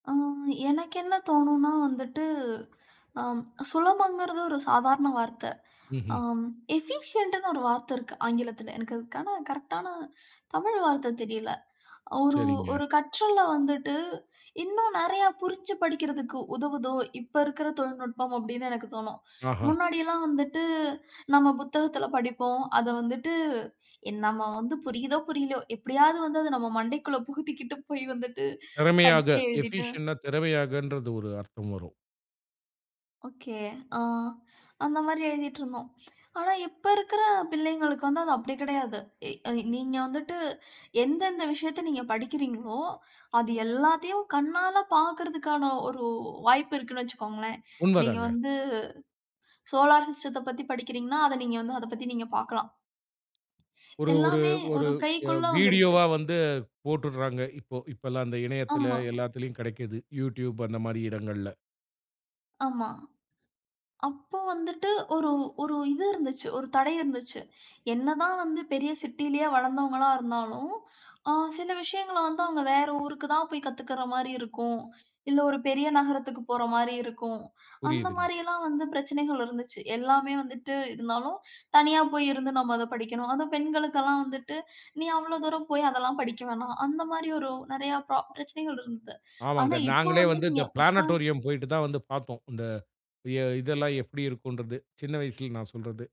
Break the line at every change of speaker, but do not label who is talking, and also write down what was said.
அ எனக்கு என்ன தோணும்னா வந்துட்டு, அம் சுலபம்ங்கிறது ஒரு சாதாரண வார்த்த.
ம்ஹ்ம்.
அம் எஃபிஷியன்ட்ன்னு ஒரு வார்த்த இருக்கு ஆங்கிலத்துல. எனக்கு அதுக்கான கரெக்ட்டான தமிழ் வார்த்த தெரியல. ஒரு
சரிங்க.
ஒரு கற்றல வந்துட்டு இன்னும் நிறையா புரிஞ்சு படிக்கிறதுக்கு உதவுதோ, இப்போ இருக்கிற தொழில்நுட்பம் அப்படின்னு எனக்கு தோணும்.
ஆஹா.
முன்னாடியெல்லாம் வந்துட்டு நம்ம புத்தகத்துல படிப்போம். அத வந்துட்டு என் நாம்ம வந்து புரியுதோ, புரியலையோ எப்படியாவது வந்து அத நம்ம மண்டைக்குள்ள புகுத்திக்கிட்டு போய் வந்துட்டு
திறமையாக.
பரீட்சை எழுதிட்டு
எஃபிஷியன்ட்னா திறமையாகன்றது ஒரு அர்த்தம் வரும்.
ஒகே. அ அந்த மாரி எழுதிட்டிருந்தோம். ஆனா, இப்ப இருக்கிற பிள்ளைகளுக்கு வந்து, அது அப்படி கிடையாது. இ எ நீங்க வந்துட்டு எந்தெந்த விஷயத்த நீங்க படிக்கிறீங்களோ, அது எல்லாத்தையும் கண்ணால பார்க்கறதுக்கான ஒரு வாய்ப்பு இருக்குனு வச்சிக்கோங்களேன். நீங்க
உண்மதாங்க.
வந்து சோலார் சிஸ்டத்த பத்தி படிக்கிறீங்கன்னா, அத நீங்க வந்து அத பத்தி நீங்க பார்க்கலாம்.
ஒரு ஒரு
எல்லாமே
ஒரு
ஒரு
அ
கைக்குள்ள வந்துருச்சு.
வீடியோவா வந்து போட்டுர்றாங்க. இப்போ இப்பெல்லாம் அந்த இணையத்துல,
ஆமா.
எல்லாத்திலயும் கிடைக்குது, YouTube அந்த மாரி இடங்கள்ல.
ஆமா. அப்போ வந்துட்டு ஒரு ஒரு இது இருந்துச்சு. ஒரு தடை இருந்துச்சு. என்னதான் வந்து பெரிய சிட்டியிலேயே வளர்ந்தவங்களா இருந்தாலும். அ சில விஷயங்கள வந்து அவங்க வேற ஊருக்கு தான் போய் கத்துக்குற மாரி இருக்கும். இல்ல, ஒரு பெரிய நகரத்துக்கு போற மாரி இருக்கும். அந்த
புரியுதுங்க.
மாரில்லாம் வந்து பிரச்சனைகள் இருந்துச்சு. எல்லாமே வந்துட்டு இருந்தாலும், தனியா போய் இருந்து நம்ம அத படிக்கணும். அதுவும் பெண்களுக்கு எல்லாம் வந்துட்டு, "நீ அவ்ளோ தூரம் போய் அதெல்லாம் படிக்க வேணா." அந்த மாரி ஒரு நிறையா பிரா பிரச்சனைகள் இருந்துது. ஆனா,
ஆமாங்க.
இப்போ
நாங்களே
வந்து
வந்து
நீங்க
இந்த
உட்கார்ந்து
பிளானட்டோரியம் போய்ட்டு தான் வந்து பார்த்தோம். இந்த அ இதெல்லாம் எப்டி இருக்கும்ன்றது. சின்ன வயசுல நான் சொல்றது.